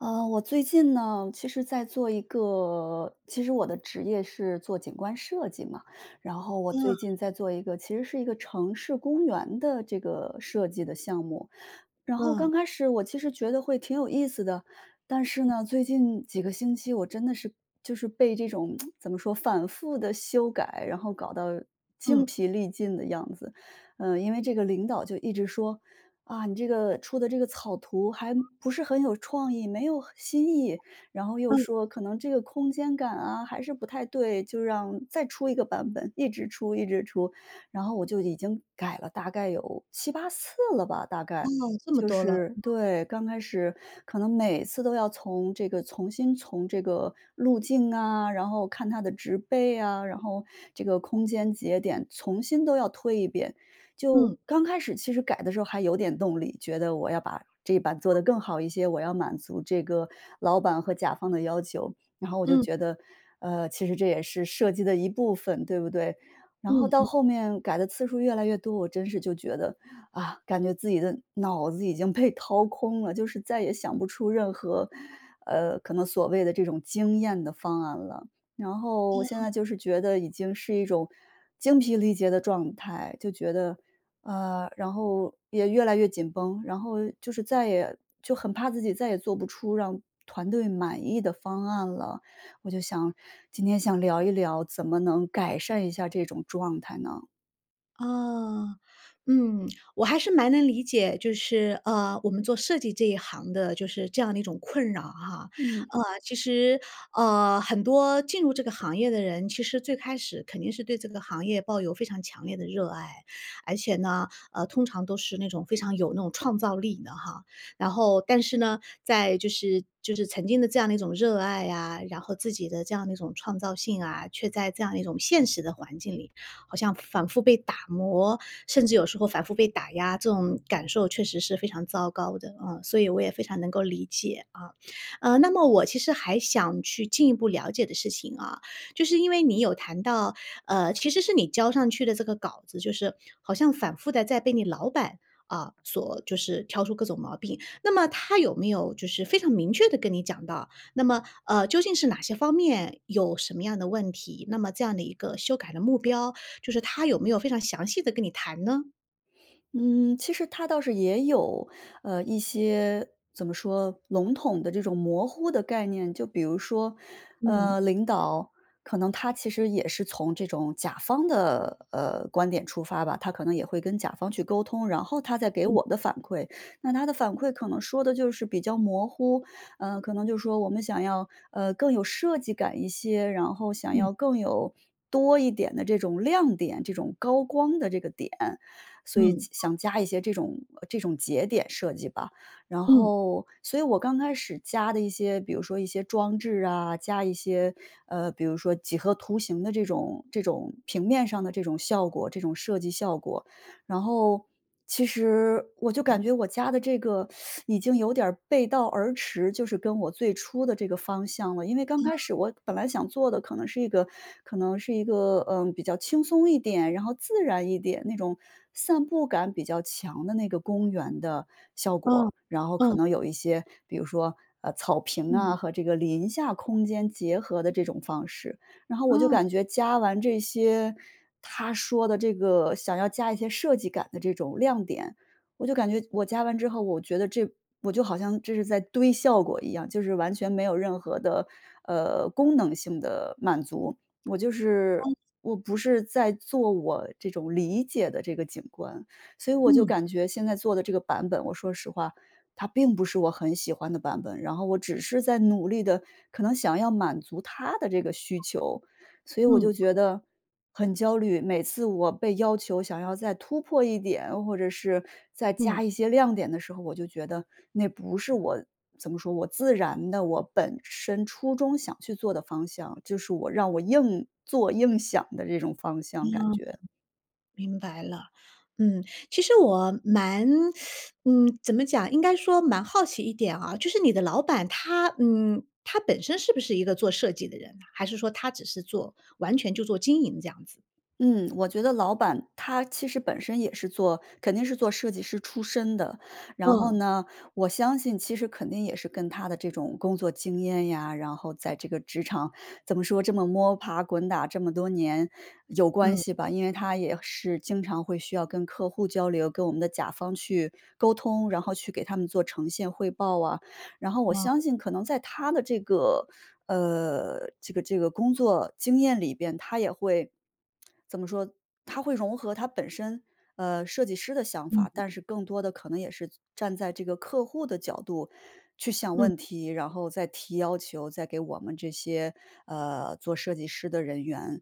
呃，我最近呢，其实在做一个其实我的职业是做景观设计嘛，然后我最嗯。近在做一个，其实是一个城市公园的这个设计的项目。然后嗯。刚开始我其实觉得会挺有意思的，但是呢，最近几个星期，我真的是就是被这种 怎么说，反复地修改，然后搞到精嗯。疲力尽的样子。呃，因为这个领导就一直说：“啊，你这个出的这个草图还不是很有创意，没有很新意。”然后又嗯。说：“可能这个空间感啊，还是不太对。”就让再出一个版本，一直出一直出。然后我就已经改了，大概有7-8次了吧，大哦，概，这么就多了，是嗯。对，刚开始，可能每次都要从这个重新从这个路径啊，然后看它的植被啊，然后这个空间节点，重新都要推一遍。就嗯。刚开始其实改的时候还有点动力，觉得我要把这一版做得更好一些，我要满足这个老板和甲方的要求。然后我就嗯。觉得："呃，其实这也是设计的一部分，对不对？"然后嗯到嗯。后面，改的次数越来越多，我真是就觉得：“啊，感觉自己的脑子已经被掏空了。”就是再也想不出任何，呃，可能所谓的这种惊艳的方案了。然后嗯现嗯。在就是觉得已经是一种，精疲力竭的状态，就觉得呃，然后也越来越紧绷。然后又就是再也就很怕自己再也做不出让团队满意的方案了。我就想今天想聊一聊，怎么能改善一下这种状态呢？哦，嗯。我还是蛮能理解，就是，呃，我们做设计这一行的就是这样的一种困扰哈。嗯。呃，其实，呃，很多进入这个行业的人，其实最开始肯定是对这个行业抱有非常强烈的热爱，而且呢，呃，通常都是那种非常有那种创造力的哈。然后，但是呢，在就是就是曾经的这样的一种热爱啊，然后自己的这样的一种创造性啊，却在这样一种现实的环境里，好像反复被打磨，甚至有时候反复被打压。这种感受确实是非常糟糕的，啊，所以我也非常能够理解，啊。呃，那么我其实还想去进一步了解的事情啊，就是因为你有谈到，呃，其实是你交上去的这个稿子就是好像反复地在被你老板，啊，所就是挑出各种毛病。那么他有没有就是非常明确地跟你讲到那么，呃，究竟是哪些方面有什么样的问题。那么这样的一个修改的目标，就是他有没有非常详细地跟你谈呢？嗯，其实他倒是也有，呃，一些怎么说，笼统的这种模糊的概念。就比如说，呃，嗯。领导，可能他其实也是从这种甲方的，呃，观点出发吧，他可能也会跟甲方去沟通，然后他再给嗯。我的反馈。那他的反馈可能说的就是比较模糊，呃，可能就说：“我们想要，呃，更有设计感一些，然后想嗯。要更有多一点的这种亮点这种高光的这个点，所以嗯。加想加一些这种这种节点设计吧。”然嗯。后所以我刚开始加的一些，比如说一些装置啊，加一些，呃，比如说几何图形的这种这种平面上的这种效果这种设计效果，然后其实我就感觉，我加的这个，已经有点儿背道而驰就是跟我最初的这个方向了。因为刚嗯。开始我本来想做的可能是一个可能是一个，呃，比较轻松一点，然后自然一点，那种散步感比较强的那个公园的效嗯，果，然后可嗯。能有一些，比如说，呃，草坪啊，嗯。和这个林下空间结合的这种方式。然后我就嗯。感觉加完这些，他说的这个想要加一些设计感的这种亮点我就感觉我加完之后，我觉得这我就好像这是在堆效果一样，就是完全没有任何的，呃，功能性的满足，我就是嗯。我不是在做我这种理解的这个景观。所以我就嗯。感觉现在做的这个版本，我说实话它并不是我很喜欢的版本，然后我只是在努力地，可能想要满足他的这个需求。所以我就嗯。觉得很焦虑，每次我被要求想要再突破一点，或者是再嗯。加一些亮点的时候，我就觉得那不是我怎么说，我自然的，我本身初衷想去做的方向，就是我让我硬做、硬想的这种方向，嗯，感觉。明白了。嗯，其实我蛮 嗯，怎么讲，应该说蛮好奇一点啊，就是你的老板他嗯，他本身是不是一个做设计的人呐？还是说他只是做完全就做经营这样子？嗯，我觉得老板他其实本身也是做肯定是做设计师出身的。然后嗯。呢，我相信其实肯定也是跟他的这种工作经验呀，然后在这个职场怎么说，这么摸爬滚打这么多年有关嗯。系吧。因为他也是经常会需要跟客户交流，跟我们的甲方去沟通，然后去给他们做呈现汇报啊。然后我嗯。相信可能在他的这个，呃，这个这个工作经验里边他也会怎么说，他会融合他本身，呃，设计师的想嗯法，嗯。但是更多的可能也是站在这个客户的角度去想嗯问嗯。题，然后再提要求，再给我们这些，呃，做设计师的人员。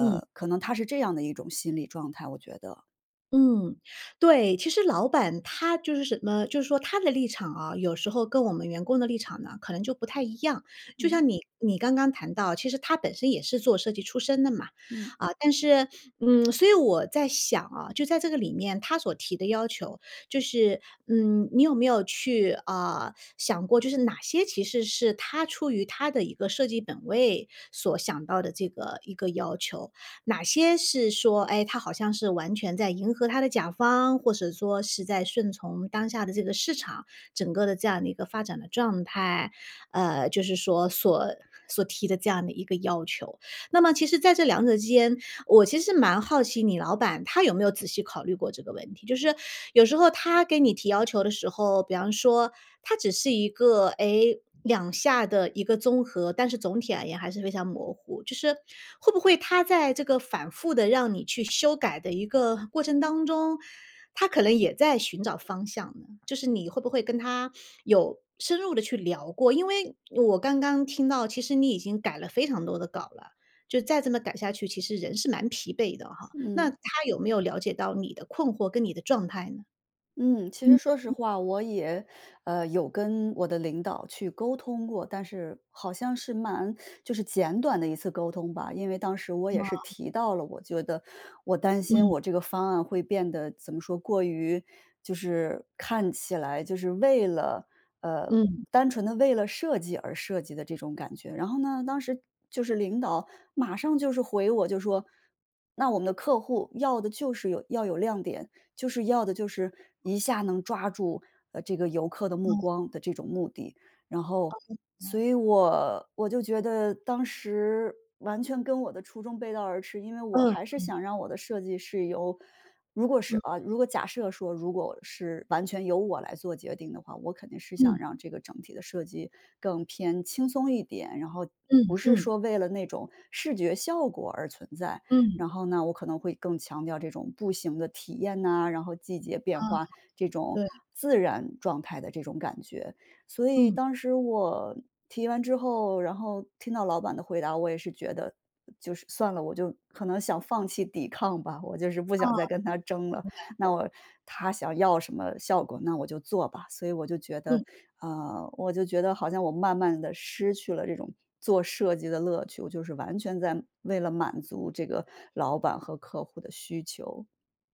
嗯。可能他是这样的一种心理状态，我觉得。嗯，对。其实老板他就是什么就是说他的立场啊，有时候跟我们员工的立场呢，可能就不太一样。就嗯。像你你刚刚谈到，其实他本身也是做设计出身的嘛，嗯。啊，但是，嗯，所以我在想啊，就在这个里面他所提的要求，就是，嗯，你有没有去呃，想过就是哪些其实是他出于他的一个设计本位所想到的这个一个要求？哪些是说，唉，他好像是完全在迎合他的甲方，或是说是在顺从当下的这个市场，整个的这样的一个发展的状态，呃，就是说所所提的这样的一个要求？那么其实在这两者之间，我其实蛮好奇你老板，他有没有仔细考虑过这个问题？就是有时候他给你提要求的时候，比方说他只是一个，诶，两下的一个综合，但是总体而言还是非常模糊。就是，会不会他在这个反复地让你去修改的一个过程当中，他可能也在寻找方向呢？就是你会不会跟他 有深入地去聊过，因为我刚刚听到，其实你已经改了非常多的稿了。就再这么改下去，其实人是蛮疲惫的吼，那嗯。他有没有了解到你的困惑跟你的状态呢？嗯，其实嗯，说实嗯。话，我也，呃，有跟我的领导去沟通过。但是好像是蛮就是简短的一次沟通吧。因为当时我也是哦。提到了，我觉得我担心嗯。我这个方案会变得怎么说，过于就是看起来就是为了呃，嗯。单纯地为了设计而设计的这种感觉。然后呢，当时就是领导马上就是回我就说：“那我们的客户要的就是有要有亮点，就是要的就是一下能抓住，呃，这个游客的目嗯。光的这种目的。“然后所 [unintelligible] 以我我就觉得当时，完全跟我的初衷背道而驰，因为我嗯还是嗯。想让我的设计是由如果是嗯。呃如果假设说如果是完全由我来做决定的话，我肯定是想嗯。让这个整体的设计更偏轻松一点，然后不嗯是嗯。说为了那种视觉效果而存在。嗯。然后呢，我可能会更强调这种步行的体验呐，然后季节变嗯，化，这种对。自然状态的这种感觉。所以嗯。当时我，提完之后，然后听到老板的回答，我也是觉得，呃就是算了，我就可能想放弃抵抗吧，我就是不哦，想再跟他争了，明白那了。我他想要什么效果，那我就做吧。所以我就觉嗯。得，啊，我就觉得好像我慢慢地失去了这种做设计的乐趣，我就是完全在为了满足这个老板和客户的需求。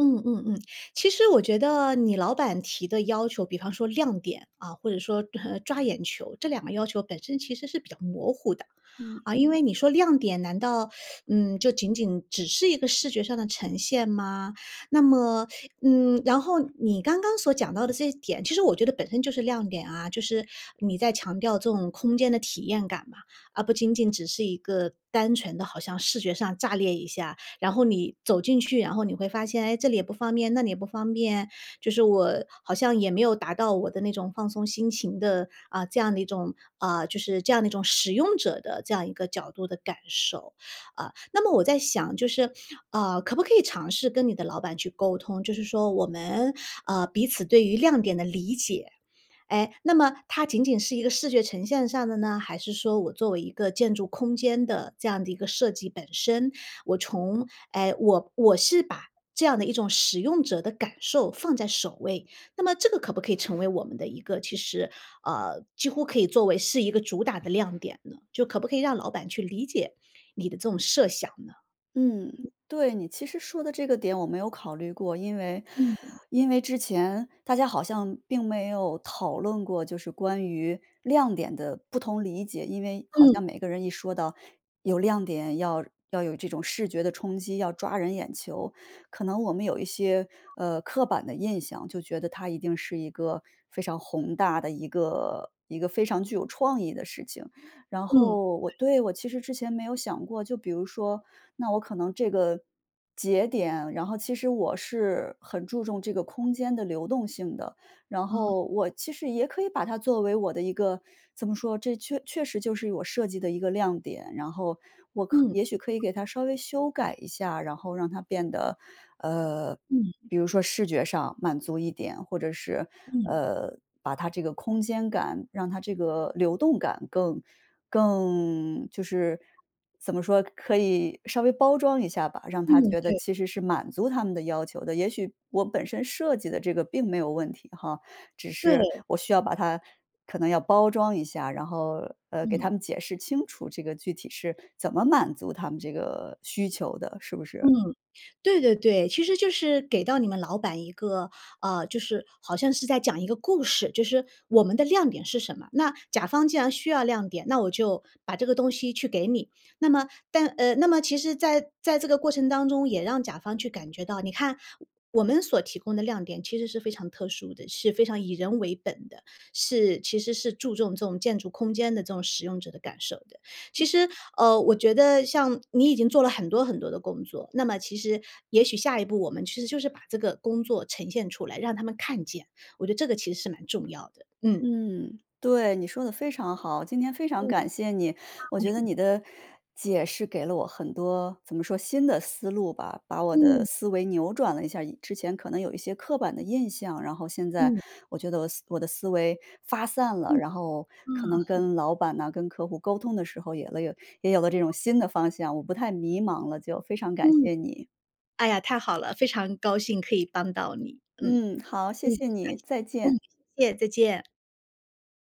嗯嗯嗯，其实我觉得你老板提的要求，比方说亮点，啊，或者说，呃，抓眼球，这两个要求本身其实是比较模糊的。嗯。啊，因为你说亮点，难道，嗯，就仅仅只是一个视觉上的呈现吗？那么嗯，然后你刚刚所讲到的这一点，其实我觉得本身就是亮点啊。就是你在强调这种空间的体验感嘛，而不仅仅只是一个单纯的好像视觉上炸裂一下，然后你走进去，然后你会发现：“哎，这里也不方便，那里也不方便。”就是我好像也没有达到我的那种放松心情的，呃，这样的一种，啊，就是这样的一种使用者的这样一个角度的感受，啊。那么我在想就是，啊，可不可以尝试跟你的老板去沟通，就是说：“我们，啊，彼此对于亮点的理解，诶，那么它仅仅是一个视觉呈现上的呢？还是说我作为一个建筑空间的这样的一个设计本身，我从诶，我我是把这样的一种使用者的感受放在首位，那么这个可不可以成为我们的一个其实呃，几乎可以作为是一个主打的亮点呢？”就可不可以让老板去理解你的这种设想呢？嗯，对，你其实说的这个点我没有考虑过。因为嗯。因为之前大家好像并没有讨论过，就是关于亮点的不同理解，因为好嗯。像每个人一说到有亮点，要要有这种视觉的冲击，要抓人眼球，可能我们有一些，呃，刻板的印象，就觉得它一定是一个非常宏大的一个一个非常具有创意的事情。然嗯，后我对。对，我其实之前没有想过，就比如说，那我可能这个，节点然后其实我是很注重这个空间的流动性的。然哦。后我其实也可以把它作为我的一个怎么说，这确确实就是我设计的一个亮点，然后我可嗯。也许可以给它稍微修改一下，然后让它变得，呃，嗯嗯。比如说视觉上满足一点，或者是，嗯。呃，把它这个空间感让它这个流动感更更就是，怎么说，可以，稍微包装一下吧，让他嗯，觉得对。其实是满足他们的要求的。也许，我本身设计的这个并没有问题哈，只是对。我需要把它可能要包装一下，然后，呃，给嗯。他们解释清楚这个具体是怎么满足他们这个需求的，是不嗯，是？对对对。其实就是给到你们老板一个，呃，就是好像是在讲一个故事，就是“我们的亮点是什么”？那甲方既然需要亮点，那我就把这个东西去给你。那么但呃，那么其实在在这个过程当中也让甲方去感觉到，你看“我们所提供的亮点其实是非常特殊的，是非常以人为本的，是其实是注重这种建筑空间的这种使用者的感受的。”其实，呃，我觉得像你已经做了很多很多的工作，那么其实也许下一步我们其实就是把这个工作呈现出来，让他们看见。我觉得这个其实是蛮重要的，嗯。嗯，对，你说得非常好。今天非常嗯。啊。感谢你，我觉得你的 解释给了我很多怎么说，新的思路吧，把我的嗯。思维扭转了一下儿，以之前可能有一些刻板的印象，然后现在嗯。我觉得我的思我的思维发散了，嗯，然后可嗯。能 跟老板呐、跟客户沟通的时候，也了有也有了这种新的方向，我不太迷茫了，就非常感嗯。谢你。哎呀，太好了，非常高兴可以帮到你。嗯，嗯。嗯，好，谢感谢。谢你，再嗯。见。谢谢，再见。